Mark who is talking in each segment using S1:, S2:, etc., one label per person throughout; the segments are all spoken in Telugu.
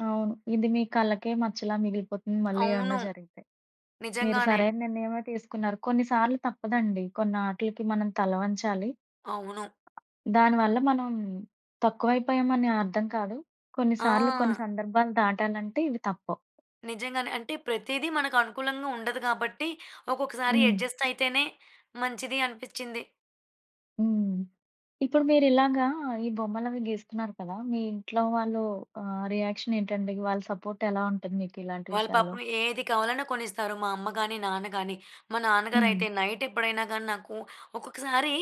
S1: అవును. ఇది మీ కళకే మచ్చలా మిగిలిపోతుంది, మళ్ళీ ఏమన్నా
S2: అవును.
S1: జరిగితే. మీరు
S2: నిజంగానే.
S1: సరైన నిర్ణయమే తీసుకున్నారు. కొన్నిసార్లు తప్పదండి, కొన్నాట్లికి మనం తలవంచాలి.
S2: అవును.
S1: దాని వల్ల మనం, తక్కువయిపోయామని అర్థం కాదు, కొన్నిసార్లు, కొన్ని
S2: ఆ!
S1: సందర్భాలు దాటాలంటే, ఇవి తప్పవు.
S2: నిజంగానే. అంటే, ప్రతీది మనకనుకూలంగా ఉండదు గాబట్టి, ఒక్కొక్కసారి
S1: హ్మ్.
S2: అడ్జస్టయితేనే మంచిది అనిపిచ్చింది.
S1: హ్మ్. ఇప్పుడు మీరిలాగా ఈ బొమ్మలవీ గీస్తున్నారు కదా! మీ ఇంట్లో వాళ్ళు ఆహ్, రియాక్షనేంటండి? వాళ్ళ సపోర్టెలా ఉంటుంది మీకిలాంటి
S2: వాళ్ళు
S1: విషయాల్లో?
S2: పాపం ఏది కావాలన్నా కొనిస్తారు, మా అమ్మ గానీ, నాన్న గానీ. మా
S1: హ్మ్.
S2: నాన్నగారయితే, నైటెప్పుడైనా గాని నాకూ ఒక్కొక్కసారి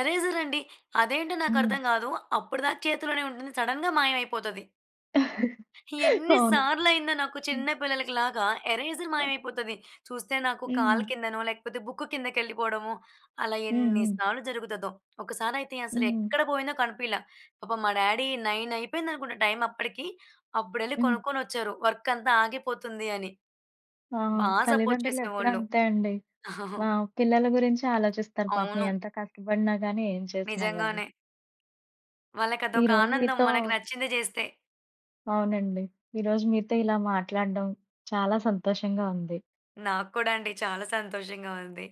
S2: ఎరేజరండి, అదేంటో
S1: హ్మ్.
S2: నాకర్థం గాదు, అప్పుడిదాకా చేతులోనే ఉంటుంది, సడన్‌గా మాయమైపోతది. ఎన్ని
S1: అవును.
S2: సార్లయిందో నాకు
S1: హ్మ్.
S2: చిన్నపిల్లలకి లాగా, ఎరేజర్ మాయమైపోతది. చూస్తే నాకు కాళ్ళ
S1: హ్మ్.
S2: కిందనో, లేకపోతే బుక్కు కిందకెళ్ళిపోడమో, అలా
S1: హ్మ్.
S2: ఎన్ని
S1: హ్మ్.
S2: సార్లు జరుగుతదో. ఒకసారయితే
S1: హ్మ్.
S2: అసలెక్కడ బోయిందో కనిపీయలా. పాపం మా డ్యాడీ నైనయిపోయిందనుకుంటా టైం అప్పడికీ, అబ్బుడెళ్ళి
S1: హ్మ్.
S2: కొనుక్కొనొచ్చారు. వర్కంతా ఆగిపోతుందీ అని.
S1: ఆ!
S2: బా సపోర్ట్
S1: తల్లిదండ్రులెప్పుడు
S2: చేసేవాళ్ళు.
S1: అంతే అండి. వావ్! పిల్లల గురించే ఆలోచిస్తారు. పాపం
S2: అవును.
S1: ఎంత కష్టపడినా గాని, ఏం చేసినా గాని.
S2: నిజంగానే.
S1: ఈరోజు
S2: వాళ్ళకదొకానందం
S1: మీతో
S2: మనకు నచ్చింది జేస్తే.
S1: అవునండి. ఈరోజు మీతో ఇలా మాట్లాడ్డం చాలా సంతోషంగా ఉంది.
S2: నాక్కూడా అండి, చాలా సంతోషంగా ఉంది.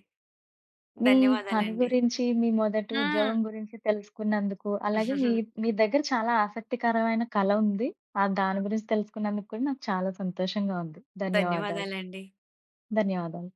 S1: మీ పని
S2: ధన్యవాదాలండి.
S1: గురించి, మీ మొదటి
S2: హ్మ్.
S1: ఉద్యోగం గురించి తెలుసుకున్నందుకు, అలాగే మీ, మీ దెగ్గర చాలా ఆసక్తికరమైన కళ ఉంది. ఆహ్, దాని గురించి తెలుసుకున్నందుకు కూడా, నాకు చాలా సంతోషంగా ఉంది. ధన్యవాదాలు.
S2: ధన్యవాదాలండి.
S1: ధన్యవాదాలు.